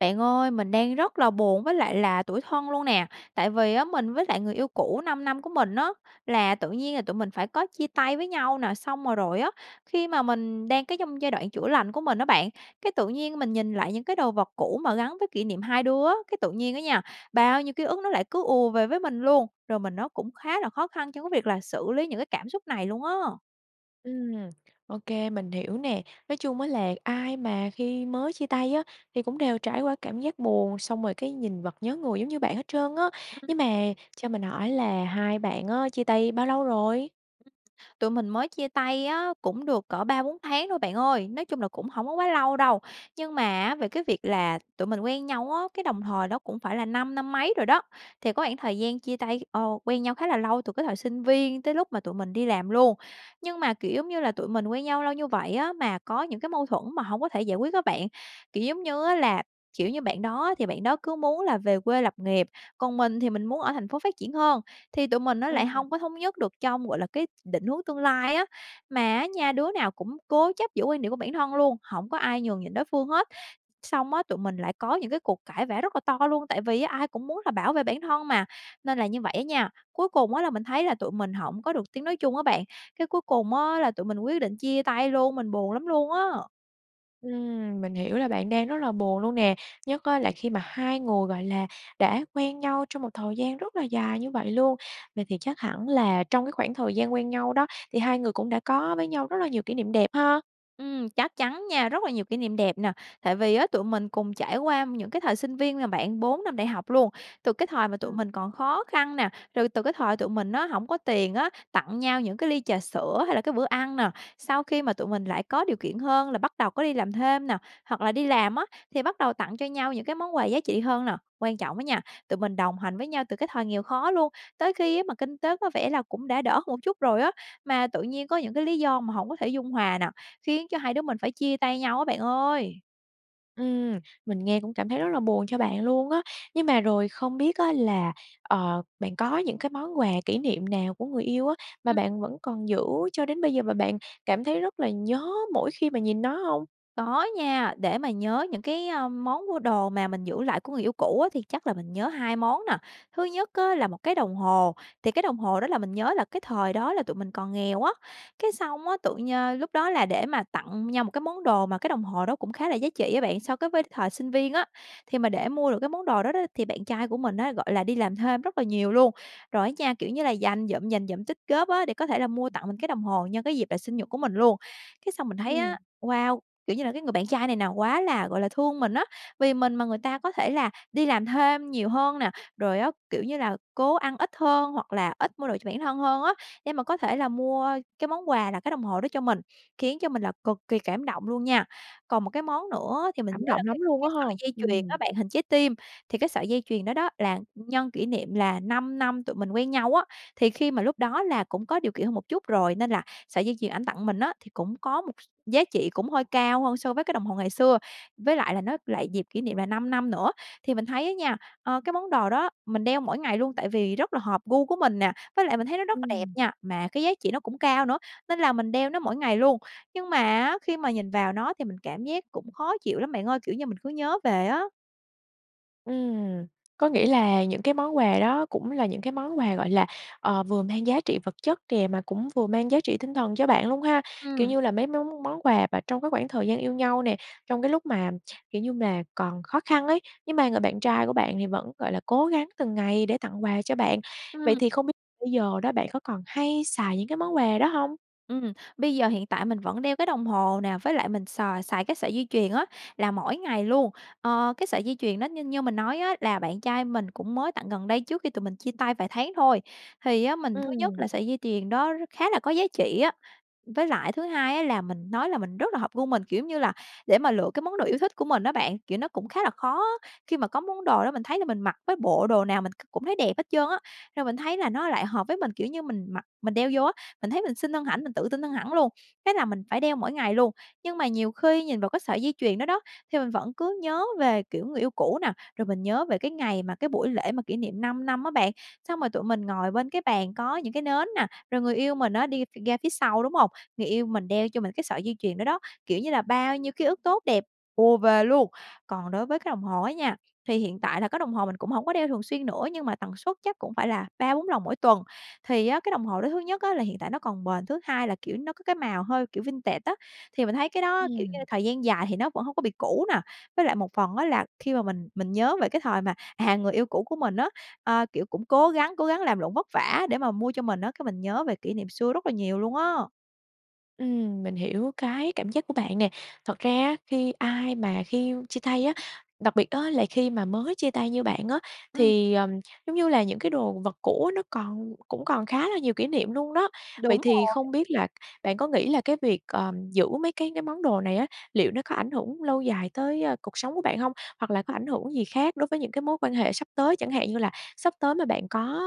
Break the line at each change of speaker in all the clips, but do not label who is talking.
Bạn ơi, mình đang rất là buồn với lại là tủi thân luôn nè, tại vì á mình với lại người yêu cũ 5 năm của mình á, là tự nhiên là tụi mình phải có chia tay với nhau nè, xong, ờ, rồi á, khi mà mình đang cái trong giai đoạn chữa lành của mình á bạn, cái tự nhiên mình nhìn lại những cái đồ vật cũ mà gắn với kỷ niệm hai đứa, cái tự nhiên á nha, bao nhiêu ký ức nó lại cứ ùa về với mình luôn, rồi mình nó cũng khá là khó khăn trong cái việc là xử lý những cái cảm xúc này luôn á.
Ừm, ô kê, mình hiểu nè, nói chung á là ai mà khi mới chia tay á, thì cũng đều trải qua cảm giác buồn, xong rồi cái nhìn vật nhớ người giống như bạn hết trơn á.
[unintelligible]
Nhưng mà, cho mình hỏi là hai bạn á, chia tay bao lâu rồi?
Tụi mình mới chia tay á, cũng được cỡ 3-4 tháng thôi bạn ơi, nói chung là cũng hổng có quá lâu đâu, nhưng mà á, về cái việc là tụi mình quen nhau á, cái đồng thời đó cũng phải là 5 năm mấy rồi đó, thì có khoảng thời gian chia tay ờ, quen nhau khá là lâu từ cái thời sinh viên tới lúc mà tụi mình đi làm luôn. Nhưng mà, kiểu, giống như là, tụi mình quen nhau lâu như vậy á, mà có những cái mâu thuẫn mà hổng có thể giải quyết á bạn, kiểu, giống như á là, kiểu như, bạn đó thì bạn đó cứ muốn là về quê lập nghiệp, còn mình thì mình muốn ở thành phố phát triển hơn, thì tụi mình nó lại
Ừm.
hông có thống nhất được trong, gọi là, cái định hướng tương lai á. Mà á nha, đứa nào cũng cố chấp giữ quan điểm của bản thân luôn, hổng có ai nhường nhịn đối phương hết, xong á tụi mình lại có những cái cuộc cãi vã rất là to luôn, tại vì á ai cũng muốn là bảo vệ bản thân mà, nên là như vậy á nha, cuối cùng á, là mình thấy là tụi mình hổng có được tiếng nói chung á bạn, cái cuối cùng á, là tụi mình quyết định chia tay luôn, mình buồn lắm luôn á.
Ừm, mình hiểu là bạn đang rất là buồn luôn nè, nhất á là khi mà hai người, gọi là, đã quen nhau trong một thời gian rất là dài như vậy luôn. Vậy thì chắc hẳn là trong cái khoảng thời gian quen nhau đó thì hai người cũng đã có với nhau rất là nhiều kỷ niệm đẹp ha?
Ừm, chắc chắn nha, rất là nhiều kỷ niệm đẹp nè. Tại vì á tụi mình cùng trải qua những cái thời sinh viên mà bạn, 4 năm đại học luôn. Từ cái thời mà tụi
Ừm.
mình còn khó khăn nè, rồi từ cái thời tụi mình á hổng có tiền á, tặng nhau những cái ly trà sữa hay là cái bữa ăn nè. Sau khi mà tụi mình lại có điều kiện hơn là bắt đầu có đi làm thêm nè, hoặc là đi làm á, thì bắt đầu tặng cho nhau những cái món quà giá trị hơn nè. Quan trọng á nha, tụi mình đồng hành với nhau từ cái thời nghèo khó luôn, tới khi á mà kinh tế có vẻ là cũng đã đỡ hơn một chút rồi á, mà tự nhiên có những cái lý do mà hổng có thể dung hòa nè, khiến cho hai đứa mình phải chia tay nhau á bạn ơi!
Ừm, mình nghe cũng cảm thấy rất là buồn cho bạn luôn á. Nhưng mà rồi không biết á là, ờ, bạn có những cái món quà kỷ niệm nào của người yêu á mà
Ừm.
bạn vẫn còn giữ cho đến bây giờ và bạn cảm thấy rất là nhớ mỗi khi mà nhìn nó hông?
Có nha, để mà nhớ những cái, ờm, món mua đồ mà mình giữ lại của người yêu cũ á thì chắc là mình nhớ 2 món nè. Thứ nhất á là một cái đồng hồ. Thì cái đồng hồ đó là mình nhớ là cái thời đó là tụi mình còn nghèo á, cái xong á tự nh lúc đó là để mà tặng nhau một cái món đồ mà cái đồng hồ đó cũng khá là giá trị á bạn, so cái với thời sinh viên á. Thì mà để mua được cái món đồ đó đó thì bạn trai của mình á, gọi là, đi làm thêm rất là nhiều luôn, rồi á nha, kiểu như là, dành dụm, dành dụm, tích góp á, để có thể là mua tặng mình cái đồng hồ nhân cái dịp là sinh nhật của mình luôn. Cái xong mình thấy
Ừm.
á, wow, kiểu như là, cái người bạn trai này nè quá là, gọi là, thương mình á. Vì mình mà người ta có thể là đi làm thêm nhiều hơn nè, rồi á, kiểu như là, cố ăn ít hơn hoặc là ít mua đồ cho bản thân hơn á, để mà có thể là mua cái món quà là cái đồng hồ đó cho mình, khiến cho mình là cực kỳ cảm động luôn nha. Còn một cái món nữa thì mình
Cảm
nhớ là
động
cái
lắm luôn á
cái
ha?
sợi dây chuyền đó
Ừm.
bạn, hình trái tim. Thì cái sợi dây chuyền đó đó là nhân kỷ niệm là 5 năm tụi mình quen nhau á. Thì khi mà lúc đó là cũng có điều kiện hơn một chút rồi, nên là sợi dây chuyền ảnh tặng mình á thì cũng có một giá trị cũng hơi cao hơn so với cái đồng hồ ngày xưa, với lại là nó lại dịp kỷ niệm là 5 năm nữa. Thì mình thấy á nha, ờ, cái món đồ đó mình đeo mỗi ngày luôn tại vì rất là hợp gu của mình nè, với lại mình thấy nó rất là đẹp
Ừm.
nha, mà cái giá trị nó cũng cao nữa, nên là mình đeo nó mỗi ngày luôn. Nhưng mà á, khi mà nhìn vào nó thì mình cảm giác cũng khó chịu lắm bạn ơi, kiểu như, mình cứ nhớ về á.
Ừm, có nghĩa là những cái món quà đó cũng là những cái món quà, gọi là, ờ, vừa mang giá trị vật chất kìa, mà cũng vừa mang giá trị tinh thần cho bạn luôn ha? Kiểu
Ừm.
như là mấy món món quà và trong cái khoảng thời gian yêu nhau nè, trong cái lúc mà, kiểu như mà, còn khó khăn ấy, nhưng mà người bạn trai của bạn thì vẫn, gọi là, cố gắng từng ngày để tặng quà cho bạn. Vậy
Ừm.
thì không biết bây giờ đó bạn có còn hay xài những cái món quà đó hông?
Ừm, bây giờ hiện tại mình vẫn đeo cái đồng hồ nè, với lại mình xài xài cái sợi dây chuyền á là mỗi ngày luôn. Ờ, cái sợi dây chuyền đó như như mình nói á là bạn trai mình cũng mới tặng gần đây trước khi tụi mình chia tay vài tháng thôi. Thì á, mình thứ nhất
Ừm.
là sợi dây chuyền đó r khá là có giá trị á, với lại thứ hai á là mình nói là mình rất là hợp gu mình. Kiểu như là, để mà lựa cái món đồ yêu thích của mình á bạn, kiểu, nó cũng khá là khó khi mà có món đồ đó mình thấy là mình mặc với bộ đồ nào mình c cũng thấy đẹp hết trơn á. Rồi mình thấy là nó lại hợp với mình, kiểu như, mình mặc mình đeo vô á, mình thấy mình xinh hơn
Ừm.
hẳn, mình tự tin hơn hẳn luôn, thế là mình phải đeo mỗi ngày luôn. Nhưng mà nhiều khi nhìn vào cái sợi dây chuyền đó đó, thì mình vẫn cứ nhớ về, kiểu, người yêu cũ nè, rồi mình nhớ về cái ngày mà cái buổi lễ mà kỷ niệm 5 năm á bạn, xong rồi tụi mình ngồi bên cái bàn có những cái nến nè, rồi người yêu mình á đi ph ra phía sau, đúng hông? Người yêu mình đeo cho mình cái sợi dây chuyền đó đó, kiểu như là bao nhiêu ký ức tốt đẹp ùa về luôn. Còn đối với cái đồng hồ á nha, thì hiện tại là cái đồng hồ mình cũng hổng có đeo thường xuyên nữa nhưng mà tần suất chắc cũng phải là 3-4 lần mỗi tuần. Thì á, cái đồng hồ đó thứ nhất á là hiện tại nó còn bền, thứ hai là, kiểu, nó có cái màu hơi, kiểu, vintage á, thì mình thấy cái đó, kiểu như,
Ừm.
thời gian dài thì nó vẫn hông có bị cũ nè. Với lại một phần á là khi mà mình mình nhớ về cái thời mà, à, người yêu cũ của mình á, ờ, kiểu, cũng cố gắng cố gắng làm lụng vất vả để mà mua cho mình á, cái mình nhớ về kỷ niệm xưa rất là nhiều luôn á.
Ừm, mình hiểu cái cảm giác của bạn nè, thật ra á khi ai mà khi yêu chia tay á, đặc biệt á, là khi mà mới chia tay như bạn á,
Ừm.
thì, ờm, giống như là những cái đồ vật cũ á, nó còn cũng còn khá là nhiều kỷ niệm luôn đó. Vậy
Đúng
thì
rồi.
không biết là bạn có nghĩ là cái việc, ờm, giữ mấy cái cái món đồ này á, liệu nó có ảnh hưởng lâu dài tới, a, cuộc sống của bạn hông? Hoặc là có ảnh hưởng gì khác đối với những cái mối quan hệ sắp tới, chẳng hạn như là sắp tới mà bạn có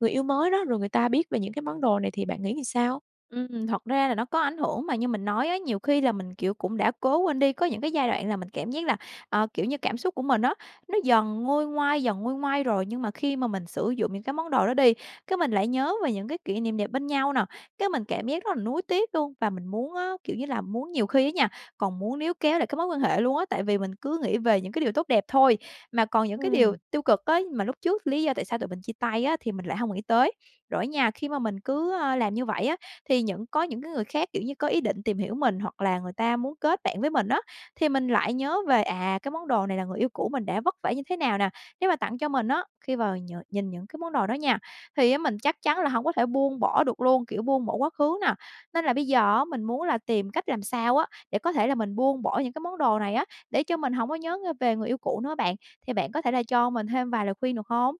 người yêu mới đó, rồi người ta biết về những cái món đồ này thì bạn nghĩ làm sao?
Ừm, thật ra là nó có ảnh hưởng mà như mình nói á, nhiều khi là mình, kiểu, cũng đã cố quên đi, có những cái giai đoạn là mình cảm giác là, ờ, kiểu như, cảm xúc của mình á, nó dần nguôi ngoai, dần nguôi ngoai rồi, nhưng mà khi mà mình sử dụng những cái món đồ đó đi, cái mình lại nhớ về những cái kỷ niệm đẹp bên nhau nè, cái mình cảm giác rất là nuối tiếc luôn. Và mình muốn á, kiểu như là, muốn nhiều khi á nha, còn muốn níu kéo lại cái mối quan hệ luôn á, tại vì mình cứ nghĩ về những cái điều tốt đẹp thôi, mà còn những cái điều
Ừm.
tiêu cực á, mà lúc trước lý do tại sao tụi mình chia tay á, thì mình lại hông nghĩ tới. Rồi á nha, khi mà mình cứ, a, làm như vậy á, thì những có những cái người khác, kiểu như, có ý định tìm hiểu mình hoặc là người ta muốn kết bạn với mình á, thì mình lại nhớ về, à, cái món đồ này là người yêu cũ mình đã vất vả như thế nào nè, nếu mà tặng cho mình á, khi mà nh nhìn những cái món đồ đó nha, thì á, mình chắc chắn là hổng có thể buông bỏ được luôn, kiểu, buông bỏ quá khứ nè, nên là bây giờ á, mình muốn là tìm cách làm sao á, để có thể là mình buông bỏ những cái món đồ này á, để cho mình hổng có nhớ ng về người yêu cũ nữa bạn. Thì bạn có thể là cho mình thêm vài lời khuyên được hông?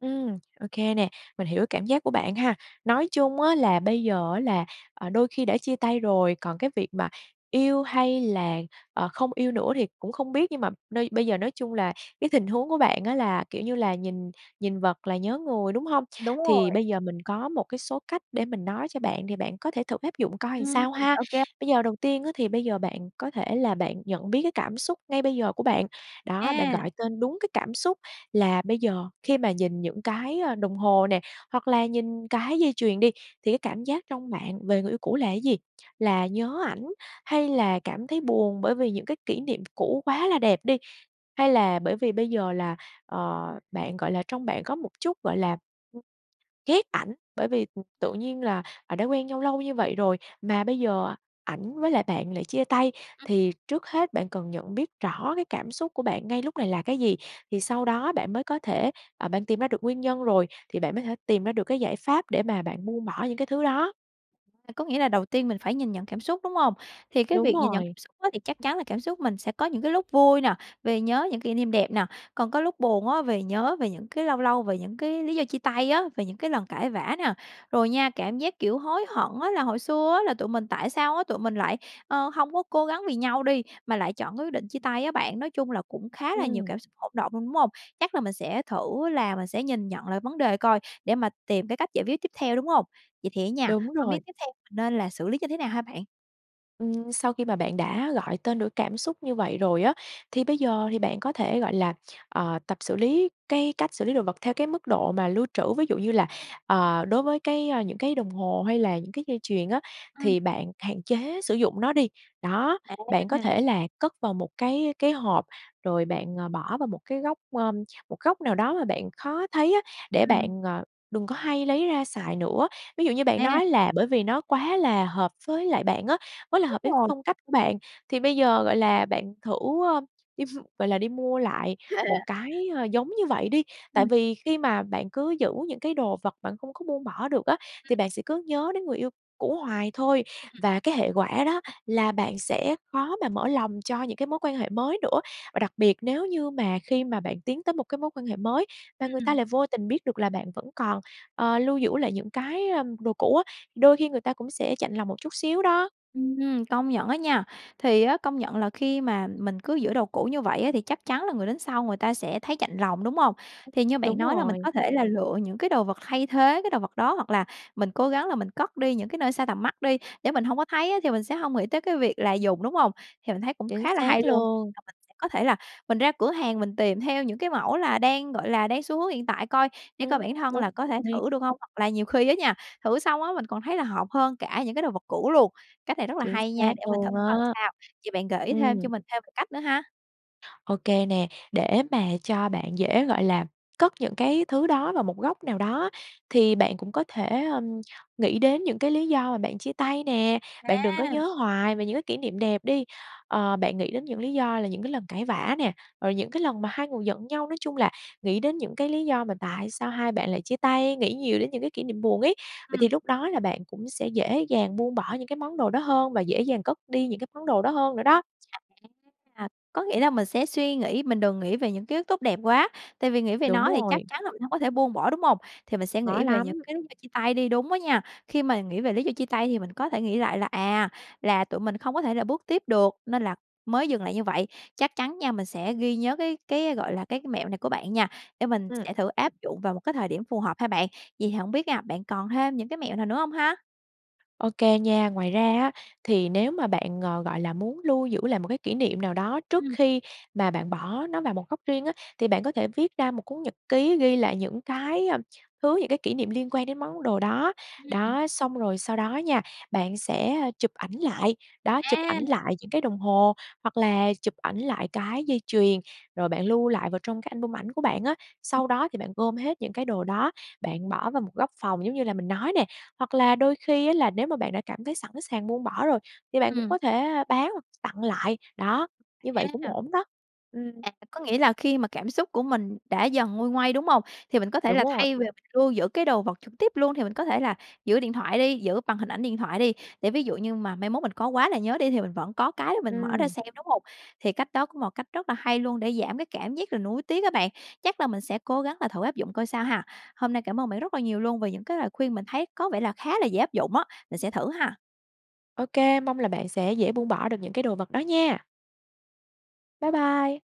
Ừm, ô kê nè, mình hiểu cảm giác của bạn ha. Nói chung á là bây giờ á là, ờ, đôi khi đã chia tay rồi, còn cái việc mà yêu hay là, ờ, không yêu nữa thì cũng không biết, nhưng mà nơi bây giờ nói chung là cái tình huống của bạn á là, kiểu như là, nhìn nhìn vật là nhớ người, đúng hông?
Đúng
Thì
rồi.
bây giờ mình có một cái số cách để mình nói cho bạn, thì bạn có thể thử áp dụng coi làm
Ừm,
sao ha.
ô kê.
Bây giờ đầu tiên á, thì bây giờ bạn có thể là bạn nhận biết cái cảm xúc ngay bây giờ của bạn, đó, bạn
A.
gọi tên đúng cái cảm xúc là bây giờ khi mà nhìn những cái, ơ, đồng hồ nè, hoặc là nhìn cái dây chuyền đi, thì cái cảm giác trong bạn về người yêu cũ là gì? Là nhớ ảnh, hay là cảm thấy buồn bởi vì những cái kỷ niệm cũ quá là đẹp đi? Hay là bởi vì bây giờ là, ờ, bạn, gọi là trong bạn có một chút, gọi là, ghét ảnh, bởi vì, ừm, tự nhiên là, à, đã quen nhau lâu như vậy rồi mà bây giờ ảnh với lại bạn lại chia tay?
Ừm.
Thì trước hết bạn cần nhận biết rõ cái cảm xúc của bạn ngay lúc này là cái gì, thì sau đó bạn mới có thể ờ, bạn tìm ra được nguyên nhân rồi thì bạn mới thể tìm ra được cái giải pháp để mà bạn buông bỏ những cái thứ đó.
V có nghĩa là đầu tiên mình phải nhìn nhận cảm xúc, đúng hông? Thì cái
Đúng
việc nhìn nhận
rồi.
xúc á thì chắc chắn là cảm xúc mình sẽ có những cái lúc vui nè, vì nhớ những kỷ niệm đẹp nè, còn có lúc buồn á, về nhớ về những cái lâu lâu về những cái lý do chia tay á, về những cái lần cãi vã nè. Rồi nha, cảm giác, kiểu, hối hận á, là hồi xưa á, tụi mình tại sao á, tụi mình lại, ờ, hông có cố gắng vì nhau đi, mà lại chọn cái quyết định chia tay á bạn. Nói chung là cũng khá là nhiều
Ừm.
cảm xúc hỗn động luôn, đúng hông? Chắc là mình sẽ thử là mình sẽ nhìn nhận lại vấn đề coi, để mà tìm cái cách giải quyết tiếp theo, đúng hông? Vậy thì á nha,
Đúng
hông
rồi.
biết tiếp theo mình nên là xử lý như thế nào ha bạn?
Ừm, sau khi mà bạn đã gọi tên được cảm xúc như vậy rồi á, thì bây giờ thì bạn có thể gọi là, ờ, tập xử lý cái cách xử lý đồ vật theo cái mức độ mà lưu trữ. Ví dụ như là, ờ, đối với cái những cái đồng hồ hay là những cái dây chuyền á,
Ừm.
thì bạn hạn chế sử dụng nó đi, đó, bạn có
À.
thể là cất vào một cái cái hộp, rồi bạn, ờ, bỏ vào một cái góc, ơ, một góc nào đó mà bạn khó thấy á, để bạn,
Ừm.
ờ, đừng có hay lấy ra xài nữa. Ví dụ như bạn
À.
nói là, bởi vì nó quá là hợp với lại bạn á, quá là
Đúng
hợp với
rồi.
phong cách của bạn, thì bây giờ, gọi là, bạn thử, ơ, đi, gọi là, đi mua lại một cái, ơ, giống như vậy đi, tại
Ừm.
vì khi mà bạn cứ giữ những cái đồ vật bạn không có buông bỏ được á, thì
Ừm.
bạn sẽ cứ nhớ đến người yêu cũ hoài thôi,
Ừm.
và cái hệ quả đó là bạn sẽ khó mà mở lòng cho những cái mối quan hệ mới nữa. Và đặc biệt nếu như mà khi mà bạn tiến tới một cái mối quan hệ mới và người ta lại
Ừm.
vô tình biết được là bạn vẫn còn, ờ, lưu giữ lại những cái, ờm, đồ cũ á, đôi khi người ta cũng sẽ chạnh lòng một chút xíu đó.
Ừm, công nhận á nha. Thì á, công nhận là khi mà mình cứ giữ đồ cũ như vậy á, thì chắc chắn là người đến sau người ta sẽ thấy chạnh lòng, đúng hông? Thì như bạn
Đúng
nói là mình
rồi.
có thể là lựa những cái đồ vật thay thế cái đồ vật đó, hoặc là mình cố gắng là mình cất đi những cái nơi xa tầm mắt đi, để mình hông có thấy á thì mình sẽ hông nghĩ tới cái việc là dùng, đúng hông? Thì mình thấy cũng
Chính
khá là
xác
hay luôn.
luôn.
[unintelligible] có thể là mình ra cửa hàng mình tìm theo những cái mẫu là, đang gọi là, đang xu hướng hiện tại coi để
Ừm,
coi bản thân
đúng
là có thể
rồi.
thử được hông, hoặc là nhiều khi á nha, thử xong á mình còn thấy là hợp hơn cả những cái đồ vật cũ luôn. Cách này rất là
Chính
hay nha,
xác
để mình thử
luôn
coi
á!
sao. Vậy bạn gợi ý thêm cho
Ừm.
mình thêm một cách nữa ha.
Ô kê nè, để mà cho bạn dễ, gọi là, cất những cái thứ đó vào một góc nào đó, thì bạn cũng có thể, ưm, nghĩ đến những cái lý do mà bạn chia tay nè, bạn đừng có nhớ
À.
hoài về những cái kỉ niệm đẹp đi. Ờ, bạn nghĩ đến những lý do là những cái lần cãi vã nè, rồi những cái lần mà hai người giận nhau, nói chung là nghĩ đến những cái lý do mà tại sao hai bạn lại chia tay, nghĩ nhiều đến những cái kỷ niệm buồn ấy. Vậy
Ừm.
thì lúc đó là bạn cũng sẽ dễ dàng buông bỏ những cái món đồ đó hơn và dễ dàng cất đi những cái món đồ đó hơn nữa đó. Ừm.
[unintelligible] Có nghĩa là mình sẽ suy nghĩ, mình đừng nghĩ về những ký ức tốt đẹp quá, tại vì nghĩ về
Đúng
nó thì chắc
rồi.
chắn là mình hông có thể buông bỏ, đúng hông? Thì mình sẽ
Khó
nghĩ về những
lắm.
cái lý do chia tay đi, đúng á nha. Khi mà nghĩ về lý do chia tay thì mình có thể nghĩ lại là, à, là tụi mình không có thể là bước tiếp được, nên là mới dừng lại như vậy, chắc chắn nha, mình sẽ ghi nhớ cái cái, gọi là, cái mẹo này của bạn nha, để mình
Ừm.
sẽ thử áp dụng vào một cái thời điểm phù hợp ha bạn. Vậy thì hổng biết nha, bạn còn thêm những cái mẹo nào nữa hông ha?
Ô kê nha, ngoài ra á thì nếu mà bạn, ng gọi là, muốn lưu giữ lại một cái kỷ niệm nào đó trước
Ừm.
khi mà bạn bỏ nó vào một góc riêng á thì bạn có thể viết ra một cuốn nhật ký, ghi lại những cái, a, thứ những cái kỷ niệm liên quan đến món đồ đó.
Ưm, ừm.
Đó, xong rồi sau đó nha, bạn sẽ chụp ảnh lại, đó, chụp ảnh
À!
lại những cái đồng hồ hoặc là chụp ảnh lại cái dây chuyền, rồi bạn lưu lại vào trong cái album ảnh của bạn á. Sau đó thì bạn gom hết những cái đồ đó, bạn bỏ vào một góc phòng giống như là mình nói nè. Hoặc là đôi khi á là nếu mà bạn đã cảm thấy sẵn sàng buông bỏ rồi thì bạn cũng
Ừm.
có thể bán hoặc tặng lại, đó, như vậy
Ha,
cũng
ừ.
ổn đó, ừm.
À, có nghĩa là khi mà cảm xúc của mình đã dần nguôi ngoai, đúng hông? Thì mình có thể
Đúng
là
rồi.
thay về lưu giữ cái đồ vật trực tiếp luôn thì mình có thể là giữ điện thoại đi giữ bằng hình ảnh điện thoại đi, để ví dụ như mà mai mốt mình có quá là nhớ đi thì mình vẫn có cái để mình mở ra
Ừm.
xem, đúng hông? Thì cách đó cũng một cách rất là hay luôn để giảm cái cảm giác là nuối tiếc á bạn, chắc là mình sẽ cố gắng là thử áp dụng coi sao ha. Hôm nay cảm ơn bạn rất là nhiều luôn về những cái lời khuyên mình thấy có vẻ là khá là dễ áp dụng á, mình sẽ thử ha!
Ô kê, mong là bạn sẽ dễ buông bỏ được những cái đồ vật đó nha. Bye bye.